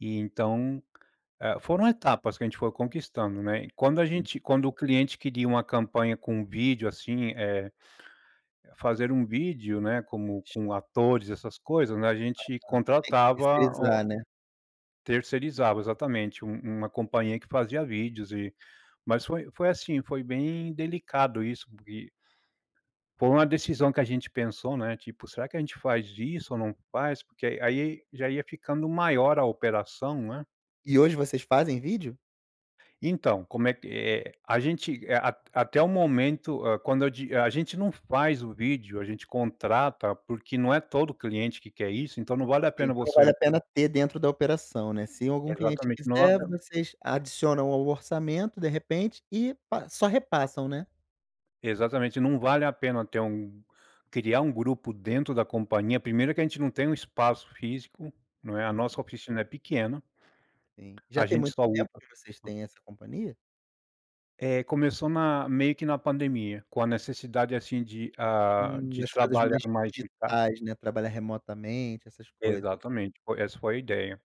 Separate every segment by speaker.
Speaker 1: E então, eh, foram etapas que a gente foi conquistando, né. E quando a
Speaker 2: Hum.
Speaker 1: gente quando o cliente queria uma campanha com vídeo, assim, eh, fazer um vídeo, né, como com atores, essas coisas, né, a gente
Speaker 2: Aham, sim,
Speaker 1: contratava
Speaker 2: tercerizar,
Speaker 1: o
Speaker 2: né.
Speaker 1: terceirizava, exatamente, um uma companhia que fazia vídeos e mas foi foi assim, foi bem delicado isso porque foi uma decisão que a gente pensou, né, tipo: "Será que a gente faz isso ou não faz.". Porque aí já ia ficando maior a operação, né.
Speaker 2: E hoje vocês fazem vídeo?
Speaker 1: Então, como é que eh, a gente, eh, a a até o momento, hã, quando eu di a gente não faz o vídeo a gente contrata, porque não é todo cliente que quer isso, então não vale a pena
Speaker 2: Então, vale
Speaker 1: você
Speaker 2: a pena ter dentro da operação, né. Se algum cliente
Speaker 1: Exatamente, não é
Speaker 2: quiser, vocês adicionam ao orçamento, de repente, e pa só repassam, né.
Speaker 1: Exatamente, não vale a pena ter um criar um grupo dentro da companhia primeiro que a gente não tem um espaço físico, não é, a
Speaker 2: Uhum.
Speaker 1: nossa oficina é pequena
Speaker 2: Sim.
Speaker 1: a
Speaker 2: Já tem
Speaker 1: gente
Speaker 2: muito
Speaker 1: só usa
Speaker 2: tempo que vocês
Speaker 1: o
Speaker 2: têm essa companhia?
Speaker 1: Eh, começou na meio que na pandemia, com a necessidade assim de hã,
Speaker 2: Hum,
Speaker 1: de
Speaker 2: das coisas
Speaker 1: trabalhar
Speaker 2: mais
Speaker 1: mais em tá
Speaker 2: digitais, né, trabalhar remotamente, essas coisas.
Speaker 1: Exatamente, foi essa foi a ideia.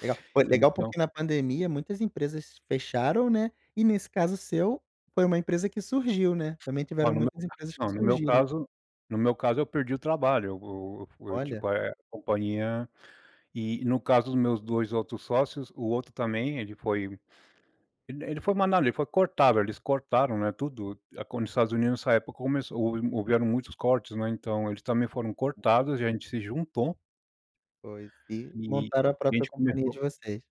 Speaker 2: Legal, pô, é legal,
Speaker 1: Então
Speaker 2: porque na pandemia muitas empresas fecharam, né, e nesse caso seu, foi uma empresa que surgiu, né, também
Speaker 1: Olha,
Speaker 2: tiveram
Speaker 1: no meu
Speaker 2: muitas empresas que
Speaker 1: não, no meu
Speaker 2: surgiram.
Speaker 1: caso no meu caso eu perdi o trabalho, e eu eu fui,
Speaker 2: Olha.
Speaker 1: tipo eh, a companhia e no caso dos meus 2 outros sócios, o outro também, ele foi ele ele foi mandado ele foi cortado, eles cortaram, né, tudo. A quando os Estados Unidos, nessa época, começou houve houveram muitos cortes, né. Então, eles também foram cortados, e a gente se juntou
Speaker 2: Pois. E
Speaker 1: e
Speaker 2: montaram a
Speaker 1: a
Speaker 2: própria
Speaker 1: gente
Speaker 2: companhia
Speaker 1: começou
Speaker 2: de vocês.